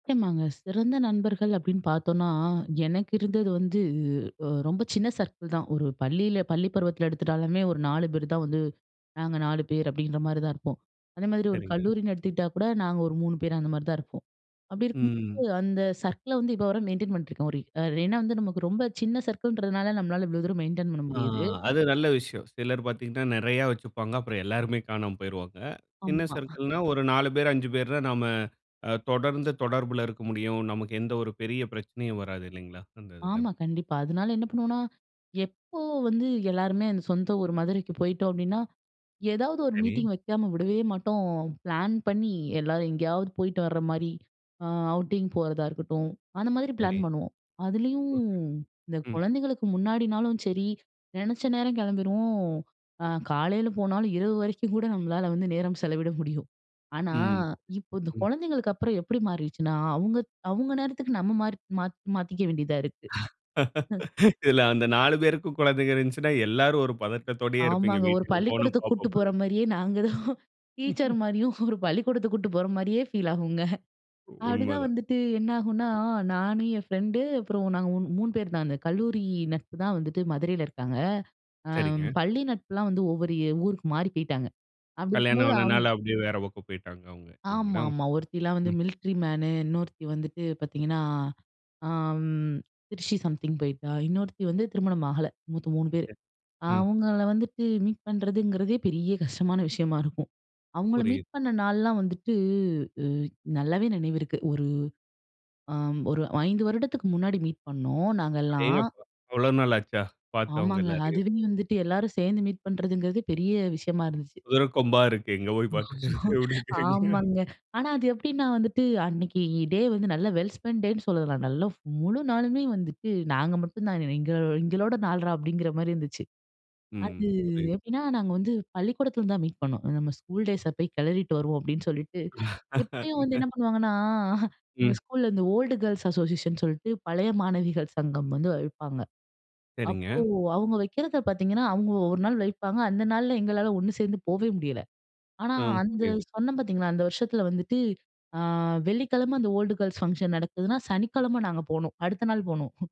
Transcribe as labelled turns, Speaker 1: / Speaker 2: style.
Speaker 1: நாங்க சிறந்த நண்பர்கள் அப்படின்னு பார்த்தோம்னா, "எனக்கு இருந்தது வந்து ரொம்ப சின்ன சர்க்கிள் தான்," ஒரு பள்ளியில பள்ளி பருவத்தில எடுத்துட்டாலுமே ஒரு 4 பேர் தான் வந்து, நாங்க 4 பேர் அப்படிங்கிற மாதிரிதான் இருப்போம். அதே மாதிரி ஒரு
Speaker 2: சரிங்க.
Speaker 1: கல்லூரின்னு எடுத்துக்கிட்டா கூட நாங்க ஒரு 3 பேர் அந்த மாரி தான் இருப்போம். அப்படி இருக்கும்போது
Speaker 2: ம்.
Speaker 1: அந்த சர்க்கிள வந்து இப்போ வரை மெயின்டெயின் பண்ணிட்டுருக்கோம். ஒரு ஏனா, வந்து நமக்கு ரொம்ப சின்ன சர்க்கிள் ன்றதுனால நம்மளால இவ்வளோ தூரம் மெயின்டெயின் பண்ண
Speaker 2: ஆ
Speaker 1: முடியாது.
Speaker 2: அது நல்ல விஷயம். சிலர் பார்த்தீங்கனா நெறைய வச்சுப்பாங்க. அப்புறம் எல்லாருமே காணாம போய்ருவாங்க. சின்ன
Speaker 1: ஆமா.
Speaker 2: சர்க்கிள்னா ஒரு 4 பேர், 5 பேர் தான் நாம தொடர்ந்து தொடர்பில இருக்க முடியும். நமக்கு எந்த ஒரு பெரிய பிரச்சனையும் வராது இல்லைங்களா? அந்த இதில.
Speaker 1: ஆமா, கண்டிப்பா. அதனால என்ன பண்ணுவோம்னா, எப்போ வந்து எல்லாருமே சொந்த ஊர் மதுரைக்கு போயிட்டோம் அப்படினா, ஏதாவது ஒரு
Speaker 2: சரி.
Speaker 1: மீட்டிங் வெக்காம விடவே மாட்டோம். பிளான் பண்ணி எல்லாரும் எங்கேயாவது போயிட்டு வர்ற மாரி அ அவுட்டிங் போறதா இருக்கட்டும், அந்த மாதிரி
Speaker 2: சரி.
Speaker 1: பிளான் பண்ணுவோம். அதுலேயும்
Speaker 2: ஓகே,
Speaker 1: இந்த
Speaker 2: ம்.
Speaker 1: குழந்தைகளுக்கு முன்னாடினாலும் சரி, நெனச்ச நேரம் கிளம்பிருவோம். ஆ காலையில போனாலும், இரவு வரைக்கும் கூட நம்மளால வந்து நேரம் செலவிட முடியும். ஆனா,
Speaker 2: ம்.
Speaker 1: இப்போ இந்த
Speaker 2: ம்.
Speaker 1: குழந்தைகளுக்கப்புறம் எப்படி மாறிருச்சுனா, அவுங்க அவுங்க நேரத்துக்கு நம்ம மா மாத் மாத்திக்க வேண்டியதா இருக்கு.
Speaker 2: இதில அந்த 4 பேருக்கு குழந்தைகள் இருந்துச்சுனா எல்லாரும் ஒரு பதட்டத்தோடையே இருப்பீங்க
Speaker 1: ஆமாங்க ஒரு
Speaker 2: வீட்டுக்கு போன
Speaker 1: பள்ளிக்கூடத்துக்கு கூட்டு போற
Speaker 2: [unintelligible]
Speaker 1: மாரியே நாங்க தான் டீச்சர் மாரியும், ஒரு பள்ளிக்கோடத்துக்கு கூட்டு போற மாரியே ஃபீல் ஆகுங்க. அப்படிதான்
Speaker 2: உண்மதான்.
Speaker 1: வந்துட்டு என்னாகுனா, நான் என் ஃப்ரெண்டு அப்புறம் நாங்க 3 பேர் தான். அந்த கல்லூரி நட்பு தான் வந்துட்டு மதுரையில இருக்காங்க. அ
Speaker 2: சரிங்க.
Speaker 1: பள்ளி நட்புலாம் வந்து ஒவ்வொரு ஏ ஊருக்கு மாறி போய்ட்டாங்க. அப்படி
Speaker 2: கல்யாணம்
Speaker 1: இருக்கும்போது
Speaker 2: ஆனனால,
Speaker 1: அவுங்க
Speaker 2: அப்படியே வேற பக்கம் போயிட்டாங்க அவங்க இல்லைங்களா?
Speaker 1: ஆமாம்மா. "ஒருத்திலாம் வந்து
Speaker 2: ம்.
Speaker 1: மில்ட்ரி மேனு, இன்னொருத்தி வந்துட்டு பார்த்தீங்கன்னா, அ ம் திருச்சி சம்திங் போயிட்டா, இன்னொருத்தி வந்து திருமணம் ஆகல. மொத்தம் 3 பேர்.
Speaker 2: [unintelligible] ம்.
Speaker 1: அவுங்கள வந்துட்டு மீட் பண்றதுங்கிறதே பெரிய கஷ்டமான விஷயமா இருக்கும்." அவுங்கள
Speaker 2: புரியுது.
Speaker 1: மீட் பண்ண நாள்லாம் வந்துட்டு நல்லாவே நினைவுருக்கு. ஒரு ஆம் ஒரு அ 5 வருடத்துக்கு முன்னாடி மீட் பண்ணோம் நாங்கலாம்
Speaker 2: அடேங்கப்பா! அவ்வளோ நாள் ஆச்சா பார்த்து அவங்க
Speaker 1: ஆமாங்க.
Speaker 2: எல்லாரையும்?
Speaker 1: அதுவே வந்துட்டு எல்லாரும் சேர்ந்து மீட் பண்ணுறதுங்கிறது பெரிய விஷயமா இருந்துச்சு.
Speaker 2: குதிரைக்கொம்பா இருக்கு. எங்க போய் பார்க்கிறது அப்படிங்கிறீங்க.
Speaker 1: ஆமாங்க. ஆனா, அது எப்படின்னா வந்துட்டு அன்னைக்கு டே வந்து நல்ல வெல் ஸ்பென்ட் டேன் னு சொல்லலாம். நல்ல முழு நாளுமே வந்துட்டு நாங்க மட்டும் தான் எங்க எங்களோட நாள்றா அப்படிங்கிற மாரி இருந்துச்சு. அது
Speaker 2: ம். புரியுது.
Speaker 1: எப்படின்னா, நாங்க வந்து பள்ளிக்கூடத்துல தான் மீட் பண்ணோம். நம்ம ஸ்கூல் டேஸ போய் கெளறிட்டு வருவோம் அப்படின்னு சொல்லிட்டு எப்பயும் வந்து என்ன பண்ணுவாங்கன்னா, எங்க
Speaker 2: ம்.
Speaker 1: ஸ்கூல்ல இந்த ஓல்டு கேர்ள்ஸ் அசோசியேஷன் சொல்ட்டு பழைய மாணவிகள் சங்கம் வந்து வைப்பாங்க. அப்போ
Speaker 2: சரிங்க.
Speaker 1: அவுங்க வக்கிறத பார்த்தீங்கன்னா, அவங்க ஒரு நாள் வைப்பாங்க. அந்த நாள்ல எங்களால ஒன்னு சேர்ந்து போவே முடியல. ஆனா,
Speaker 2: ஆ,
Speaker 1: அந்த
Speaker 2: புரியுது.
Speaker 1: சொன்னேன் பார்த்தீங்களா அந்த வருஷத்தில வந்துட்டு, ஆ வெள்ளிக்கிழம அந்த ஓல்ட் கேர்ல்ஸ் ஃபங்ஷன் நடக்குதுனா சனிக்கிழமை நாங்க போனோம். அடுத்த நாள் போனோம்.